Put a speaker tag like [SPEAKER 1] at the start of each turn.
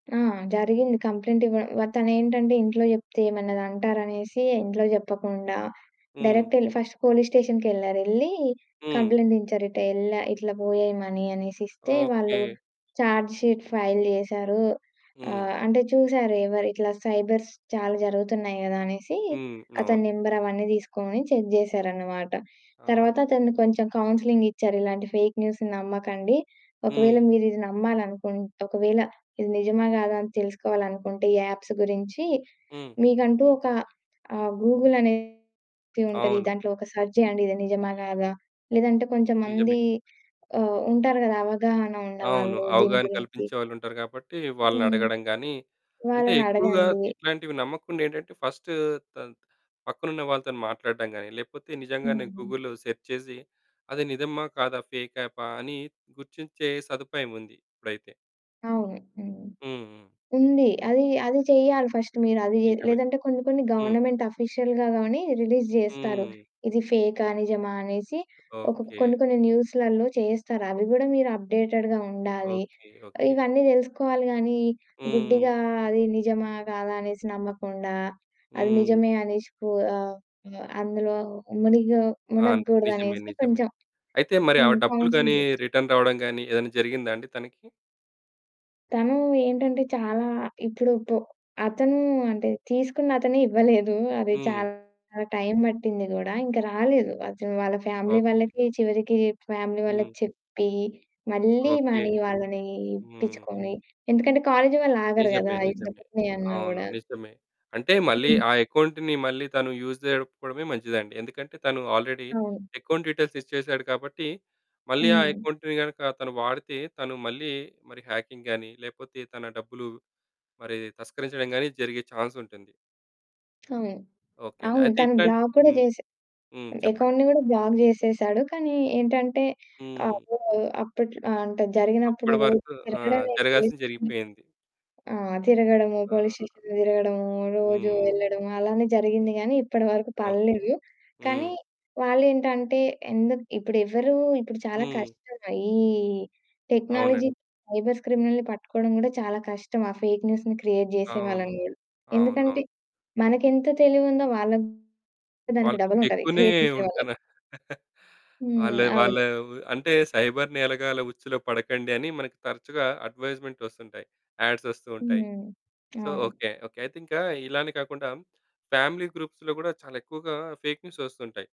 [SPEAKER 1] ఆ! జరిగింది. కంప్లెయింట్ ఇవ్వ తనేంటంటే ఇంట్లో చెప్తే ఏమన్నా అంటారనేసి ఇంట్లో చెప్పకుండా,
[SPEAKER 2] హ్మ్.
[SPEAKER 1] డైరెక్ట్ ఏళ్ళి ఫస్ట్ పోలీస్ స్టేషన్‌కేళ్లారు, ఏళ్లి
[SPEAKER 2] హ్మ్.
[SPEAKER 1] కంప్లెయింట్ ఇంచ్చారు. ఇటెల్లా ఇట్లా పోయాయి మనీ అనేసి ఇస్తే, వాళ్ళు
[SPEAKER 2] ఓకే.
[SPEAKER 1] చార్జ్ షీట్ ఫైల్ జేశారు,
[SPEAKER 2] హ్మ్.
[SPEAKER 1] ఆహ్, అంటే చూసారు ఎవరు ఇట్లా సైబర్స్ చాలా జరుగుతున్నాయి కదా! అనేసి
[SPEAKER 2] హ్మ్.
[SPEAKER 1] అతని
[SPEAKER 2] అవును.
[SPEAKER 1] నంబర్ అవన్నీ తీసుకొని చెక్ చేసారన్నమాట. తరువాత
[SPEAKER 2] అవును.
[SPEAKER 1] అతన్ని కొంచెం కౌన్సెలింగ్ ఇచ్చారు "ఇలాంటి ఫేక్ న్యూస్‌ని నమ్మకండి, ఒకవేళ
[SPEAKER 2] హ్మ్.
[SPEAKER 1] మీరు ఇది నమ్మాలి అనుకుంటే ఒకవేళ ఇది నిజమా? కాదా? అని తెలుసుకోవాలనుకుంటే ఈ అప్స్ గురించి
[SPEAKER 2] హ్మ్.
[SPEAKER 1] మీకంటూ ఒక ఆ గూగులనేది ఉంటది.
[SPEAKER 2] అవును.
[SPEAKER 1] దాంట్లో ఒక సెర్చ్ చేయండి ఇది నిజమా కాదా? లేదంటే కొంచెం
[SPEAKER 2] నిజమే.
[SPEAKER 1] మంది ఆహ్, ఉంటారు కదా! అవగాహన
[SPEAKER 2] అవును.
[SPEAKER 1] ఉన్నవాళ్ళు దీని
[SPEAKER 2] అవగాహన
[SPEAKER 1] గురించి"
[SPEAKER 2] కల్పించేవాళ్ళు ఉంటారు. కాబట్టి
[SPEAKER 1] హ్మ్.
[SPEAKER 2] వాళ్ళనడగడం గానీ అంటే ఎక్కువగా
[SPEAKER 1] వాళ్ళనడగండి.
[SPEAKER 2] ఇట్లాంటివి నమ్మకుండా ఏంటంటే ఫస్టు త పక్కనున్న వాళ్ళతోని మాట్లాడడం గానీ, లేకపోతే నిజంగానే
[SPEAKER 1] హుహు.
[SPEAKER 2] గూగుల్‌లో సెర్చ్ చేసి అది నిజమా? కాదా? ఫేక్ యాపా? అని గుర్తించే సదుపాయం ఉంది. ఇప్పుడైతే.
[SPEAKER 1] అవును హ్మ్.
[SPEAKER 2] హ్మ్. హ్మ్.
[SPEAKER 1] ఉంది అది, అది చెయ్యాలి ఫస్ట్ మీరు అది జే
[SPEAKER 2] నిజమే
[SPEAKER 1] లేదంటే కొన్ని కొన్ని
[SPEAKER 2] హ్మ్.
[SPEAKER 1] గవర్నమెంట్ ఆఫీషియల్‌గా గానీ రిలీజ్ జేస్తారు.
[SPEAKER 2] హ్మ్.
[SPEAKER 1] ఇది ఫేకా, నిజమా అనేసి. ఒకోకా
[SPEAKER 2] ఓకే.
[SPEAKER 1] కొన్ని, కొన్ని న్యూస్‌లలో చేస్తారు అవి కూడా మీరు అప్డేటెడ్‌గా ఉండాలి.
[SPEAKER 2] ఓకే. ఓకే.
[SPEAKER 1] ఇవన్నీ తెలుసుకోవాలి గానీ
[SPEAKER 2] హ్మ్.
[SPEAKER 1] గుడ్డిగా అది నిజమా? కాదా? అనేసి నమ్మకుండా, అది
[SPEAKER 2] హ్మ్.
[SPEAKER 1] నిజమే అనేసి పు ఆహ్, వా అందులో మునిగో
[SPEAKER 2] ఆ! నిజమే
[SPEAKER 1] మునగకూడదనేసి
[SPEAKER 2] నిజమే.
[SPEAKER 1] కొంచెం
[SPEAKER 2] అయితే మరి ఆ
[SPEAKER 1] హ్మ్.
[SPEAKER 2] డబ్బులు గానీ,
[SPEAKER 1] కౌన్సిలింగ్ ఇచ్చారు.
[SPEAKER 2] రిటర్న్ రావడం గానీ ఏదన్నా జరిగిందా అండి తనకి?
[SPEAKER 1] తను ఏంటంటే చాలా ఇప్పుడు పు అతను అంటే తీసుకున్న‌తనే ఇవ్వలేదు. అది
[SPEAKER 2] హ్మ్.
[SPEAKER 1] చాలా టైం పట్టింది గూడా ఇంక రాలేదు. అతను వాళ్ళ ఫ్యామిలీ
[SPEAKER 2] ఓకే.
[SPEAKER 1] వాళ్ళకి చివరికి చేప్ ఫ్యామిలీ
[SPEAKER 2] హ్మ్.
[SPEAKER 1] వాళ్ళకి చెప్పి మళ్ళీ
[SPEAKER 2] ఓకే.
[SPEAKER 1] మనీ వాళ్ళని
[SPEAKER 2] హ్మ్.
[SPEAKER 1] ఇప్పించుకొని, ఎందుకంటే కాలేజి వాళ్ళు ఆగరు
[SPEAKER 2] నిజమే
[SPEAKER 1] గాదా ఇట్లా
[SPEAKER 2] నిజమే.
[SPEAKER 1] డబ్బు పోయాన్న
[SPEAKER 2] అవును
[SPEAKER 1] గూడా?
[SPEAKER 2] నిజమే. అంటే మళ్ళీ
[SPEAKER 1] హ్మ్.
[SPEAKER 2] ఆ అకౌంట్‌ని మళ్ళీ తాను యూజ్ చేసుకోవడమే మంచిదండి. ఎందుకంటే తను ఆల్రెడీ
[SPEAKER 1] అవును.
[SPEAKER 2] అకౌంట్ డీటెయిల్స్ ఇచ్చేసాడు కాబట్టి, మళ్ళీ ఆ
[SPEAKER 1] హ్మ్.
[SPEAKER 2] అకౌంట్‌ని గనక తను వాడితే, తను మళ్ళీ మరి హ్యాకింగ్ గానీ, లేకపోతే తన డబ్బులు మరి తస్కరించడం గానీ జరిగే చాన్స్ ఉంటుంది.
[SPEAKER 1] అవును.
[SPEAKER 2] ఓకే. అండి.
[SPEAKER 1] అవును
[SPEAKER 2] అయితే
[SPEAKER 1] తను
[SPEAKER 2] ఇట్లాంటి
[SPEAKER 1] బ్లాక్ కూడా
[SPEAKER 2] హ్మ్.
[SPEAKER 1] చేసి
[SPEAKER 2] హ్మ్. చెప్పండి.
[SPEAKER 1] అకౌంట్‌ని కూడా బ్లాక్ జేసేసాడు. కానీ ఏంటంటే
[SPEAKER 2] హ్మ్.
[SPEAKER 1] ఆపో అప్పట్లో ఆ! అంటే జరిగినప్పుడు
[SPEAKER 2] అప్పటి
[SPEAKER 1] రోజు
[SPEAKER 2] వరకు ఆ!
[SPEAKER 1] తిరగడమే. రోజు
[SPEAKER 2] జరగాల్సింది
[SPEAKER 1] తిరిగి
[SPEAKER 2] జరిగిపోయింది.
[SPEAKER 1] ఆ! తిరగడము
[SPEAKER 2] ఆ!
[SPEAKER 1] పోలీస్ స్టేషన్‌లో తిరగడము, రోజు
[SPEAKER 2] హ్మ్.
[SPEAKER 1] ఏళ్ళడము అలానే జరిగింది గానీ ఇప్పటి వరకు
[SPEAKER 2] ఓకే.
[SPEAKER 1] పడ‌లేదు.
[SPEAKER 2] హ్మ్.
[SPEAKER 1] కానీ వాళ్ళేంటంటే ఎందుకు ఇప్పుడు ఎవరు ఇప్పుడు చాలా
[SPEAKER 2] హ్మ్.
[SPEAKER 1] కష్టమే ఈ
[SPEAKER 2] అవునండి.
[SPEAKER 1] టెక్నాలజీ సైబర్స్ క్రిమినల్‌ని పట్టుకోవడం కూడా చాలా కష్టం. ఆ ఫేక్ న్యూస్‌ని క్రియేట్
[SPEAKER 2] అవును.
[SPEAKER 1] చేసేవాళ్ళని కూడా. ఎందుకంటే
[SPEAKER 2] అవునవును.
[SPEAKER 1] మనకేంత తెలివుందో వాళ్ళకి దానికి డబు‌లుంటది.
[SPEAKER 2] వాళ్ళకింకేక్కువనే
[SPEAKER 1] క్రియేట్ చేసే వాళ్ళకి.
[SPEAKER 2] ఉంటనా వాళ్ళ
[SPEAKER 1] హ్మ్.
[SPEAKER 2] వాళ్ళ
[SPEAKER 1] అవును.
[SPEAKER 2] అంటే "సైబర్ నేరగాళ్ళ ఉచ్చులో పడకండి" అని మనకి తరచుగా అడ్వైజ్మెంట్ వస్తుంటాయి. అడ్స్ వస్తూ ఉంటాయి.
[SPEAKER 1] హ్మ్.
[SPEAKER 2] సో
[SPEAKER 1] అవును.
[SPEAKER 2] Okay okay. అయితే ఇంక ఇలానే కాకుండా ఫ్యామిలీ గ్రూప్స్‌లో కూడా చాలా ఎక్కువగా ఫేక్ న్యూస్ వస్తుంటాయి.